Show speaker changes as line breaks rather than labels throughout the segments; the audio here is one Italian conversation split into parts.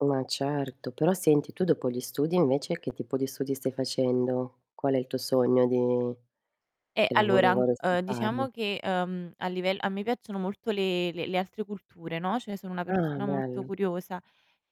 Ma certo, però senti, tu dopo gli studi invece che tipo di studi stai facendo? Qual è il tuo sogno di
Eh,
che lavoro
allora,
vorresti
uhm,
fare?
diciamo che, uhm, a livel a me piacciono molto le le altre culture, no, cioè sono una
Ah,
persona molto
bello.
curiosa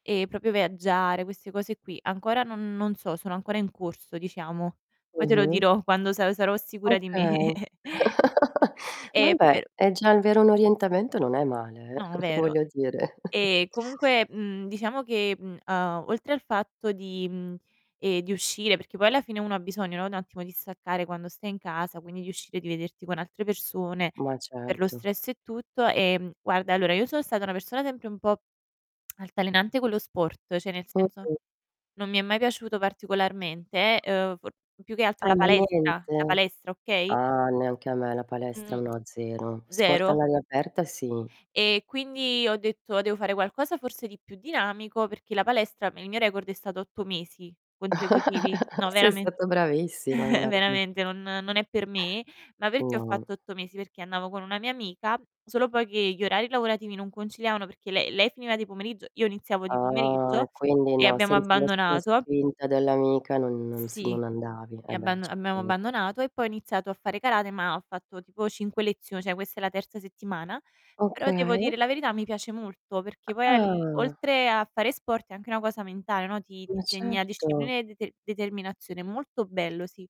e proprio viaggiare, queste cose qui. Ancora non non so, sono ancora in corso diciamo. Poi te lo
Mh-mh.
dirò quando sa sarò sicura di me.
Okay.
E
Vabbè,
pero
è già avere un
Sì.
orientamento non è male, eh,
No, vero.
voglio dire.
Ehm, comunque, mhmm, diciamo che, mhmm, a oltre al fatto di, mhmm, ehm, di uscire, perché poi alla fine uno ha bisogno, no, un attimo di staccare quando stai in casa, quindi di uscire, di vederti con altre persone,
Ma
per lo
certo.
stress e tutto, ehm, guarda, allora io sono stata una persona sempre un po', altalenante con lo sport, cioè nel senso
Mh-mh.
non mi è mai piaciuto particolarmente, eh, uhm, p più che altro
Ah,
la
ma
palestra la
niente?
palestra, okay.
Ah, neanche a me la palestra,
Mh,
no zero; sport
zero
all'aria aperta sì.
E quindi ho detto: "Devo fare qualcosa forse di più dinamico." Perché la palestra, il mio record è stato 8 mesi, consecutivi. No,
Sei
verame
stata bravissima, guarda.
veramente, non non è per me, ma perché ho
No.
fatto 8 mesi? Perché andavo con una mia amica, solo poi che gli orari lavorativi non conciliavano, perché lei lei finiva di pomeriggio, io iniziavo di
Ah
pomeriggio
e quindi
e
no,
abbiamo
senza lo la
abbandonato.
spinta dell'amica, non, si
Sì,
non andavi. Eh, beh,
abbam
ci
abbiamo
credo.
abbandonato e poi ho iniziato a fare karate, ma ho fatto tipo 5 lezio cioè questa è la terza settimana, però devo
Okay.
dire la verità, mi piace molto, perché poi al
Ah.
oltre a fare sport, è anche una cosa mentale, no, ti ti
Ma
insegna
certo.
disciplina e dete determinazione, è molto bello, sì.